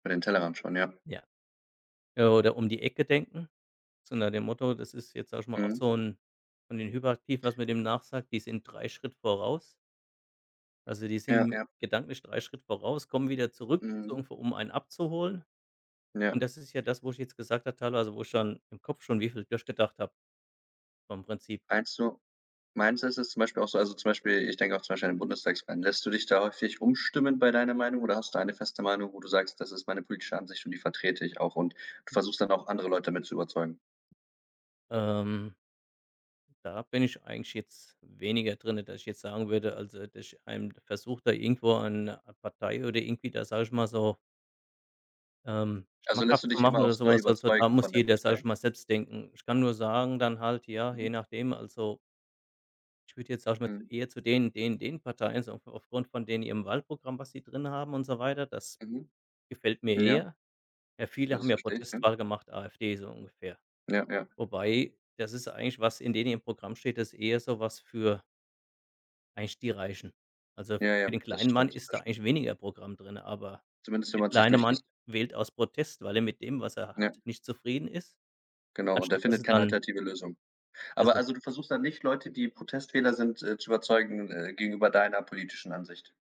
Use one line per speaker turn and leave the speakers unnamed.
Über den Tellerrand schauen, ja.
Ja. Äh, oder um die Ecke denken. So nach dem Motto, das ist jetzt, sage ich mal, auch
Mhm.
so 'n von den Hyperaktiven, was man dem nachsagt, die sind 3 Schritt voraus. Also, die
Ja,
sind
ja.
gedanklich 3 Schritt voraus, kommen wieder zurück, so
Mhm.
ungefähr, um einen abzuholen.
Ja.
Und das ist ja das, wo ich jetzt gesagt habe, teilweise wo ich dann im Kopf schon wie viel durchgedacht habe vom Prinzip.
Meinst du meinst du es ist zum Beispiel auch so also, zum Beispiel, ich denke auch zum Beispiel an den. [unintelligible] Lässt du dich da häufig umstimmen bei deiner Meinung oder hast du eine feste Meinung, wo du sagst: „Das ist meine politische Ansicht und die vertrete ich auch“ und du
M
versuchst dann auch andere Leute mit zu überzeugen?
Ähm, da bin ich eigentlich jetzt weniger drin, dass ich jetzt sagen würde, also, dass ich einem versuche da irgendwo eine Partei oder irgendwie da, sage ich mal, so ähm,
Also, lässt du
schmackhaft zu
dich
machen
immer
oder
aufs
so
Neue
was. Also, da
überzeugen
muss
von der
jeder, sage
Partei?
ich mal, selbst denken. Ich kann nur sagen dann halt, ja, je
Mhm.
nachdem, also ich würde jetzt, sage ich mal, zu
Mhm.
eher zu den den den Parteien so auf aufgrund von denen ihrem Wahlprogramm, was sie drin haben und so weiter, das
Mhm.
gefällt mir
Ja.
eher. Ja, viele
Das
haben ja
verstehe ich, ja.
Protestwahl gemacht, AfD so ungefähr.
Ja, ja.
Wobei das ist eigentlich was, in denen ihrem Programm steht, das eher so was für eigentlich die Reichen. Also,
Ja, ja,
für den
das
kleinen Mann
stimmt,
ist
das
da
stimmt.
eigentlich weniger Programm drin, aber
Zumindest wenn
der
man's sich
kleine
durchliest.
Mann wählt aus Protest, weil er mit dem, was er
Ja.
hat, nicht zufrieden ist,
Genau und er
anstatt dass
findet
er
keine
dann
alternative Lösung. Aber
besser
also, du versuchst dann nicht, Leute, die Protestwähler sind, äh, zu überzeugen, äh, gegenüber deiner politischen Ansicht?